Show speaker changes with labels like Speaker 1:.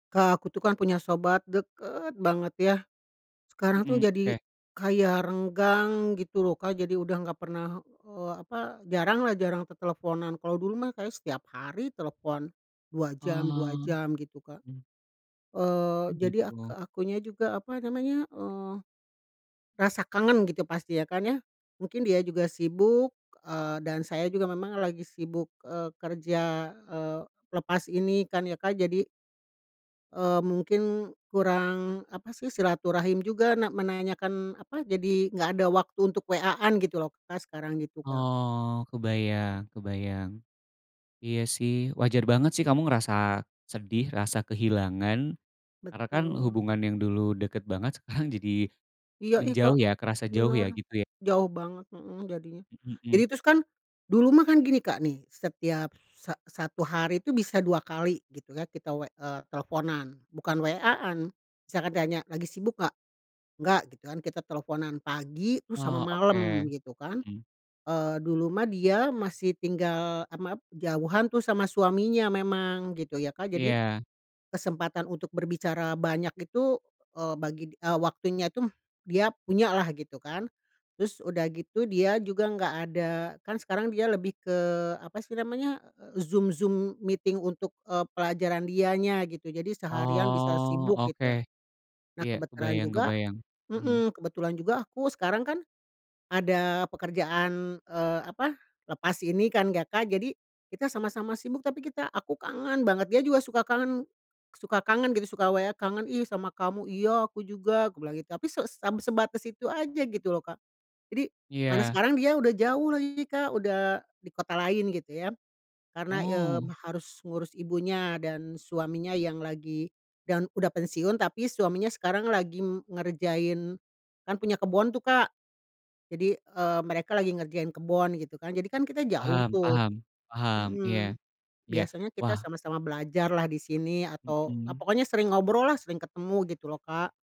Speaker 1: Kak, aku tuh kan punya sobat, deket banget ya. Sekarang tuh
Speaker 2: Mhm,
Speaker 1: jadi,
Speaker 2: Oke
Speaker 1: kayak renggang gitu loh Kak, jadi udah gak pernah, eee, apa, jarang lah, jarang teleponan, kalau dulu mah kayaknya setiap hari telepon, 2 jam, 2
Speaker 2: Oh.
Speaker 1: jam, gitu Kak,
Speaker 2: Mhm.
Speaker 1: eee,
Speaker 2: Oh,
Speaker 1: jadi ak
Speaker 2: gitu?
Speaker 1: akunya juga, apa namanya, eee, rasa kangen gitu, pasti ya kan, ya, mungkin dia juga sibuk, eee, dan saya juga memang lagi sibuk, eee, kerja, eee, lepas ini kan ya Kak. Jadi, eee, mungkin kurang, apa sih, silaturahim juga na menanyakan, eee, apa, jadi gak ada waktu untuk WA-an gitu loh Kak, sekarang, gitu Kak.
Speaker 2: Oh, kebayang kebayang. Iya sih wajar banget sih kamu ngerasa sedih, rasa kehilangan. Karena kan,
Speaker 1: Betul.
Speaker 2: hubungan yang dulu deket banget sekarang jadi
Speaker 1: iya ih
Speaker 2: menjauh
Speaker 1: Kak
Speaker 2: ya, kerasa jauh ya,
Speaker 1: benar,
Speaker 2: gitu ya?
Speaker 1: jauh banget mhm, jadinya.
Speaker 2: Mhm
Speaker 1: Jadi
Speaker 2: mhm.
Speaker 1: terus kan, dulu mah kan gini Kak nih, setiap sa satu hari itu bisa 2 kali gitu kan, kita w eee, kita teleponan bukan WA-an, saya kan tanya "Lagi sibuk nggak?" "Nggak," gitu kan, kita teleponan pagi terus sama
Speaker 2: Oh,
Speaker 1: malem,
Speaker 2: oke.
Speaker 1: gitu kan,
Speaker 2: Mhm.
Speaker 1: eee, dulu mah dia masih tinggal a map jauhan tuh sama suaminya memang, gitu ya Kak. Jadi,
Speaker 2: Iya.
Speaker 1: kesempatan untuk berbicara banyak itu, eee, bagi waktunya itu, dia punya lah, gitu kan. Terus, udah gitu dia juga nggak ada kan sekarang dia lebih ke, apa sih namanya, Zoom Zoom meeting untuk, eee, pelajaran dianya gitu, jadi seharian bisa
Speaker 2: Oh,
Speaker 1: sibuk,
Speaker 2: oke.
Speaker 1: gitu lah. Nah,
Speaker 2: Iya,
Speaker 1: kebetulan
Speaker 2: kebayang
Speaker 1: juga
Speaker 2: kebayang, mhm.
Speaker 1: heeh, kebetulan juga aku sekarang kan, ada pekerjaan, eee, apa, lepas ini kan ya Kak. Jadi, kita sama-sama sibuk tapi kita aku kangen banget, dia juga suka kangen suka kangen gitu, suka WA "Kangen ih, sama kamu." "Iya, aku juga," bilang gitu, tapi seb sebatas itu aja, gitu loh Kak. Jadi mana
Speaker 2: Iya.
Speaker 1: sekarang dia udah jauh lagi Kak, udah di kota lain, gitu ya. Karena, eee,
Speaker 2: Oh.
Speaker 1: harus ngurus ibunya dan suaminya yang lagi dan udah pensiun tapi suaminya sekarang lagi ngerjain, kan punya kebon tuh Kak. Jadi, eee, mereka lagi ngerjain kebon gitu kan, jadi kan, kita jauh
Speaker 2: Paham
Speaker 1: tuh
Speaker 2: paham paham, iya
Speaker 1: mhm,
Speaker 2: iya,
Speaker 1: biasanya kita
Speaker 2: wah.
Speaker 1: sama-sama belajar lah di sini, atau ah
Speaker 2: Mhm.
Speaker 1: pokoknya sering ngobrol lah, sering ketemu, gitu loh Kak.